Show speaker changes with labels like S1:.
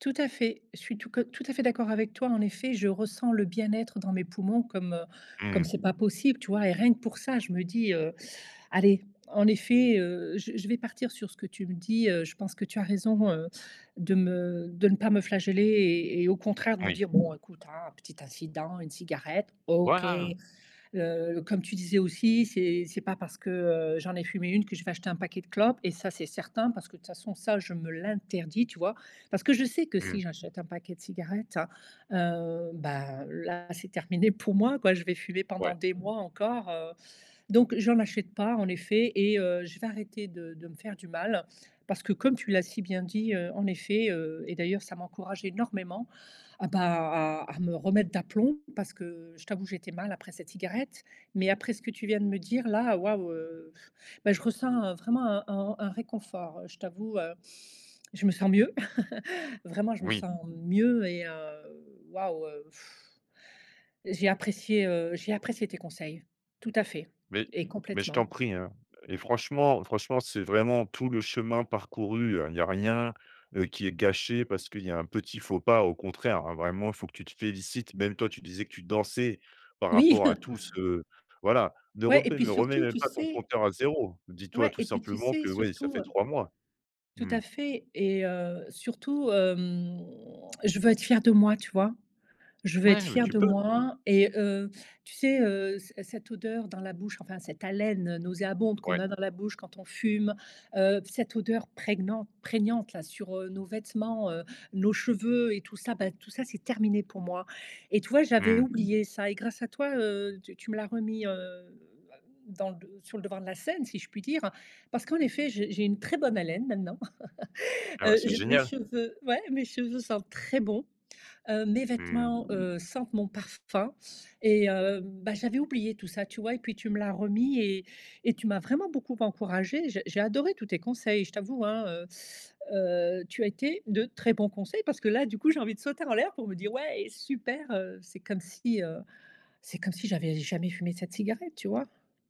S1: Tout à fait, je suis tout que tout à fait d'accord avec toi en effet, je ressens le bien-être dans mes poumons comme, heu, comme
S2: Mmh.
S1: c'est pas possible, tu vois? Et rien que pour ça je me dis, heu: «Allez en effet, heu, je je vais partir sur ce que tu me dis». Heu, je pense que tu as raison, heu, de me de ne pas me flageller et et au contraire de me
S2: Oui.
S1: dire: «Bon écoute hein, petit incident, une cigarette, OK».
S2: Voilà!
S1: Heu, comme tu disais aussi: «C'est c'est pas parce que, heu, j'en ai fumé 1 que je vais acheter un paquet de clopes» et ça c'est certain, parce que de toute façon ça je me l'interdis, tu vois? Parce que je sais que si
S2: Mmh.
S1: j'achète un paquet de cigarettes, heu, bah, là c'est terminé pour moi quoi. Je vais fumer pendant
S2: Ouais.
S1: des mois encore, heu, donc j'en achète pas en effet et heu, je vais arrêter de de me faire du mal parce que comme tu l'as si bien dit, heu, en effet, heu et d'ailleurs ça m'encourage énormément à, bah à à me remettre d'aplomb parce que je t'avoue j'étais mal après cette cigarette, mais après ce que tu viens de me dire là, waouh, heu, bah je ressens, heu, vraiment un un un réconfort, heu, je t'avoue, heu, je me sens mieux. Vraiment, je me
S2: Oui.
S1: sens mieux et heu, waouh, heu, j'ai apprécié, heu, j'ai apprécié tes conseils. Tout à fait
S2: Mais
S1: et
S2: mais je
S1: complètement.
S2: t'en prie, hein et franchement, franchement c'est vraiment tout le chemin parcouru. Heu, il y a rien, heu, qui est gâché parce qu'il y a un petit faux pas, au contraire, hein. Vraiment il faut que tu te félicites, même toi tu disais que tu dansais par
S1: Oui.
S2: rapport à tout ce voilà. Ne
S1: Ouais et
S2: rebet
S1: puis
S2: ne remets
S1: surtout
S2: même
S1: tu
S2: pas ton
S1: sais
S2: compteur à 0, dis-toi
S1: Ouais
S2: tout
S1: et puis tu
S2: simplement
S1: sais,
S2: que oui, ça
S1: surtout,
S2: fait
S1: heu
S2: 3 mois.
S1: tout
S2: Mmh.
S1: à fait et heu, surtout, hem, je veux être fière de moi tu vois? Je veux être
S2: Ouais, mais
S1: fière
S2: tu
S1: de
S2: peux!
S1: moi et heu, tu sais, heu, c cette odeur dans la bouche, enfin cette haleine, heu, nauséabonde qu'on
S2: Ouais.
S1: a dans la bouche quand on fume. Heu, cette odeur préguenante prégnante là, sur, heu, nos vêtements, heu, nos cheveux et tout ça bah, tout ça c'est terminé pour moi et tu vois? J'avais
S2: Mmh.
S1: oublié ça et grâce à toi, heu, tu tu me l'as remis, heu, à dans d sur le devant de la scène si je puis dire. Parce qu'en effet, j'ai j'ai une très bonne haleine maintenant.
S2: Eh bah,
S1: Heu,
S2: c'est
S1: je mes
S2: génial!
S1: cheveux ouais mes cheveux sentent très bons, heu, mes
S2: Mmh.
S1: vêtements, heu, sentent mon parfum et heu, bah, j'avais oublié tout ça tu vois? Et puis tu me l'as remis et et tu m'as vraiment beaucoup encouragée, j'ai j'ai adoré tous tes conseils. Je t'avoue hein, heu, heu, tu as été de très bon conseil. Parce que là du coup j'ai envie de sauter en l'air pour me dire: «Ouais super», heu, c'est comme si, heu c'est comme si j'avais jamais fumé cette cigarette, tu vois?